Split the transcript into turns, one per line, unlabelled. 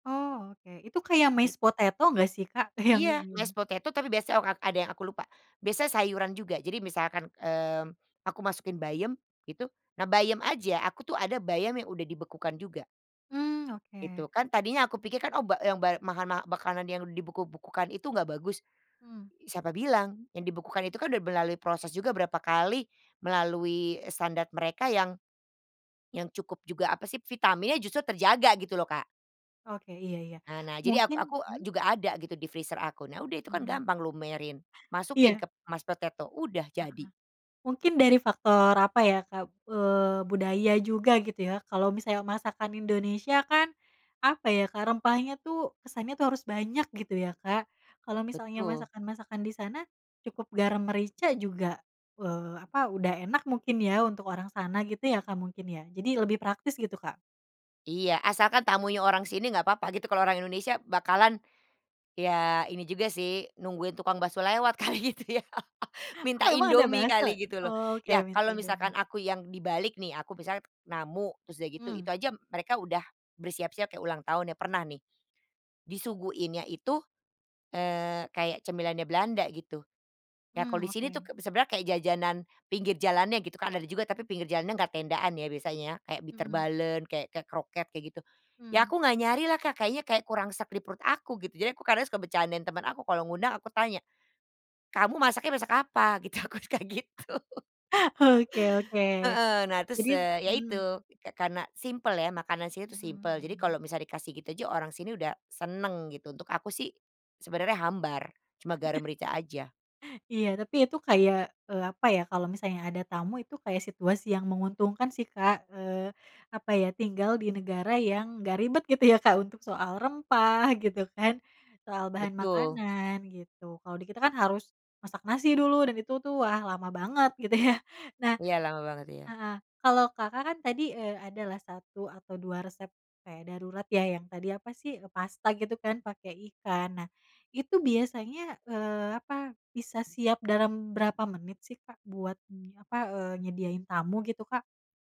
Oh, oke. Itu kayak mashed potato gak sih, Kak? Yang
Iya. Mashed potato, tapi biasanya o ad yang aku lupa. Biasa sayuran juga. Jadi misalkan, mmm, aku masukin bayam, itu. Nah bayam aja, aku tuh ada bayam yang udah dibekukan juga.
Mmm. Oke.
Itu. Kan tadinya aku pikirkan oba yang bay mahan ma makanan yang dibeku-bekukan itu enggak bagus.
Mmm.
Siapa bilang, yang dibekukan itu kan udah melalui proses juga berapa kali, melalui, eee, standar mereka yang yang cukup juga apa sih vitaminnya justru terjaga gitu loh, Kak.
Oke. Iya iya.
Nah nah, jadi ak aku
Mungkin hmm?
juga ada gitu, di freezer aku. Nah udah itu kan,
Hmm.
gampang lumerin. Masukin
Iya.
ke mashed potato. Udah
Heeh.
jadi.
Mungkin dari faktor, apa ya, Kak, eee, budaya juga, gitu ya. Kalau misalnya masakan Indonesia kan, apa ya, Kak? Rempahnya tuh, kesannya tuh harus banyak, gitu ya, Kak, kalau misalnya
Betul.
masakan-masakan di sana, cukup garam merica juga, eee, apa, udah enak mungkin ya, untuk orang sana gitu ya, Kak, mungkin ya. Jadi lebih praktis, gitu, Kak?
Iya. Asalkan tamunya orang sini, nggak papa gitu. Kalau orang Indonesia bakalan, ya ini juga sih, nungguin tukang baso lewat kali gitu ya?
Oh,
Minta
emang ada
Indomie
bakso?
kali, gitu loh.
Oke,
Ya,
minta
kalau misalkan
Indomie.
aku yang dibalik nih, aku misalnya namu, terus udah gitu itu
Mmm.
aja m mereka udah bersiap-siap kayak ulang tahun ya, Pernah nih, disuguhinnya itu, eee, kayak cemilannya Belanda, gitu. Ya kalau
Mmm.
di sini, tuh
Oke.
k sebenarnya kayak jajanan, pinggir jalannya gitu kan, ada juga. Tapi pinggir jalan enggak tendaan ya, biasanya kayak
Mhm.
Bitterballen, kayak ke kroket kayak gitu. Ya
Mmm.
aku nggak nyari lah, Kak. Kayaknya kayak kurang sreg di perut aku, gitu. Jadi aku kadang suka bercandain teman aku. Kalau ngundang aku tanya, "Kamu masaknya masak apa? Gitu. Aku tuh kayak gitu.
Oke oke.
Heeh. Nah
Jadi
terus, eee, ya
mmm.
itu, ke karena simpel ya? Makanan sini tuh
Mhm
simpel. Jadi
mhm.
kalau misal dikasih gitu aja, orang sini udah seneng, gitu. Untuk aku sih sebenarnya hambar, cuma garam merica aja.
Iya. Tapi itu kayak, eee, apa ya, kalau misalnya ada tamu, itu kayak situasi yang menguntungkan sih, Kak. Eee, apa ya, tinggal di negara yang nggak ribet, gitu ya, Kak, untuk soal rempah, gitu kan, soal bahan
Betul.
makanan, gitu. Kalau di kita kan harus masak nasi dulu, dan itu tuh, wah, lama banget gitu ya. Nah
Iya, lama banget, iya.
heeh, kalau Kakak kan, tadi, eee, ada lah, 1 atau 2 resep kayak darurat ya, yang tadi apa sih, eee, pasta gitu kan, pakai ikan. Nah, itu biasanya, eee, apa, bisa siap dalam berapa menit sih, Kak, buat nyi apa, eee, nyediain tamu, gitu Kak?